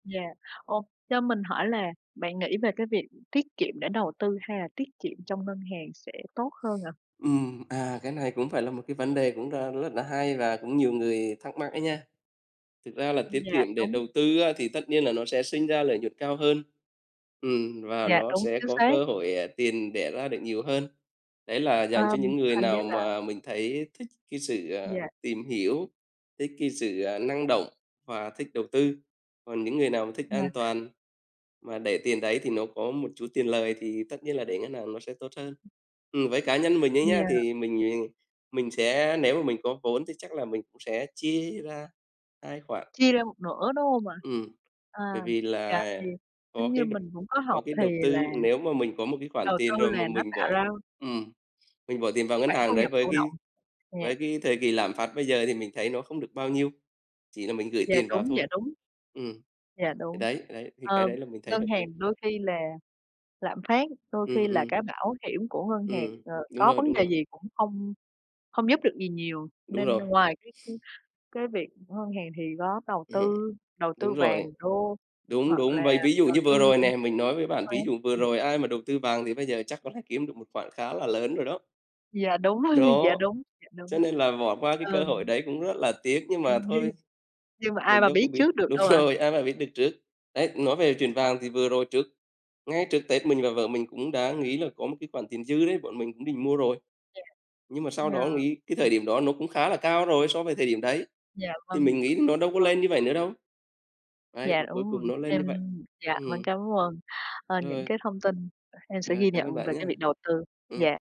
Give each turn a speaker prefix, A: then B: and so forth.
A: Dạ. Ồ, cho mình hỏi là bạn nghĩ về cái việc tiết kiệm để đầu tư hay là tiết kiệm trong ngân hàng sẽ tốt hơn ạ?
B: Ừm, à, cái này cũng phải là một cái vấn đề cũng đang rất là hay và cũng nhiều người thắc mắc ấy nha, thực ra là tiết
A: Dạ,
B: kiệm để
A: đúng.
B: đầu tư á, thì tất nhiên là nó sẽ sinh ra lợi nhuận cao hơn, ừm, và
A: Dạ,
B: nó
A: đúng,
B: sẽ
A: chính
B: có
A: xác.
B: cơ hội, ờ, tiền đẻ ra được nhiều hơn, đấy là
A: Ờ,
B: dành cho những người
A: hình như
B: nào
A: là
B: mà mình thấy thích cái sự, à,
A: Dạ.
B: tìm hiểu, thích cái sự, ờ, năng động và thích đầu tư. Còn những người nào mà thích an
A: Yeah.
B: toàn mà để tiền đấy, thì nó có một chút tiền lời thì tất nhiên là để ngân hàng nó sẽ tốt hơn. Ừm, với cá nhân mình ấy nhá,
A: Dạ.
B: thì mình mình sẽ nếu mà mình có vốn thì chắc là mình cũng sẽ chia ra 2 khoản.
A: Chia ra một nửa, đúng hông ạ?
B: Ừm,
A: À,
B: bởi vì
A: dạ,
B: là
A: thì
B: có
A: giống như
B: cái
A: mình cũng có
B: có
A: học
B: cái
A: thì
B: đầu
A: là
B: tư nếu mà mình có một cái khoản
A: đầu
B: tiền
A: tư
B: rồi mà
A: là nó
B: mình
A: tạo
B: bỏ
A: ra
B: ừm, mình bỏ tiền vào ngân
A: khoản thu
B: hàng đấy,
A: nhập
B: với
A: thụ động,
B: cái
A: dạ.
B: với cái thời kỳ lạm phát bây giờ thì mình thấy nó không được bao nhiêu, chỉ là mình gửi
A: Dạ,
B: tiền vào
A: đúng, dạ,
B: thôi.
A: đúng.
B: Ừm,
A: Dạ,
B: thì
A: đúng.
B: đấy, đấy, thì cái
A: Ờ,
B: đấy là mình thấy
A: ngân
B: hợp
A: hàng
B: lý.
A: đôi khi là lạm phát đôi khi
B: Ừm,
A: là
B: ừm.
A: cái bảo hiểm của ngân hàng,
B: Ừm,
A: ờ,
B: đúng
A: có
B: rồi,
A: vấn
B: đúng
A: đề
B: rồi.
A: gì cũng không không giúp được gì nhiều,
B: Đúng
A: nên
B: rồi.
A: ngoài cái, ưm, cái việc ngân hàng thì có đầu
B: Ừm,
A: tư đầu tư
B: đúng
A: vàng,
B: rồi.
A: đô
B: Đúng,
A: hoặc
B: đúng,
A: là
B: vậy ví dụ
A: đầu
B: như
A: tư
B: vừa rồi
A: [unintelligible] chứng
B: nè, mình nói với bạn,
A: khoán,
B: ví dụ vừa
A: ừm.
B: rồi ai mà đầu tư vàng thì bây giờ chắc có thể kiếm được một khoản khá là lớn rồi đó.
A: Dạ, đúng rồi, dạ,
B: Đó,
A: đúng, dạ đúng.
B: cho nên là bỏ qua cái
A: Ừ.
B: cơ hội đấy cũng rất là tiếc, nhưng mà thôi,
A: Nhưng mà ai
B: mình
A: mà
B: đâu có
A: biết
B: biết
A: trước được
B: đúng
A: đâu ạ.
B: rồi, ai mà biết được trước. Đấy, nói về chuyện vàng thì vừa rồi trước ngay trước Tết mình và vợ mình cũng đã nghĩ là có một cái khoản tiền dư đấy, bọn mình cũng định mua rồi,
A: Dạ,
B: nhưng mà sau đó nghĩ cái
A: dạ.
B: thời điểm đó nó cũng khá là cao rồi so với thời điểm đấy,
A: Dạ,
B: thì
A: vâng,
B: mình nghĩ nó đâu có
A: vâng.
B: lên như vậy nữa đâu, đấy,
A: Dạ,
B: mà cuối
A: đúng
B: cùng
A: rồi,
B: nó lên
A: em
B: như vậy,
A: dạ, mình
B: ừm.
A: cảm ơn, ờ, những
B: Rồi.
A: cái thông tin, em sẽ
B: Ờ,
A: ghi
B: cảm
A: nhận
B: ơn
A: về
B: bạn
A: cái
B: nhá.
A: việc đầu tư,
B: Ừm.
A: dạ.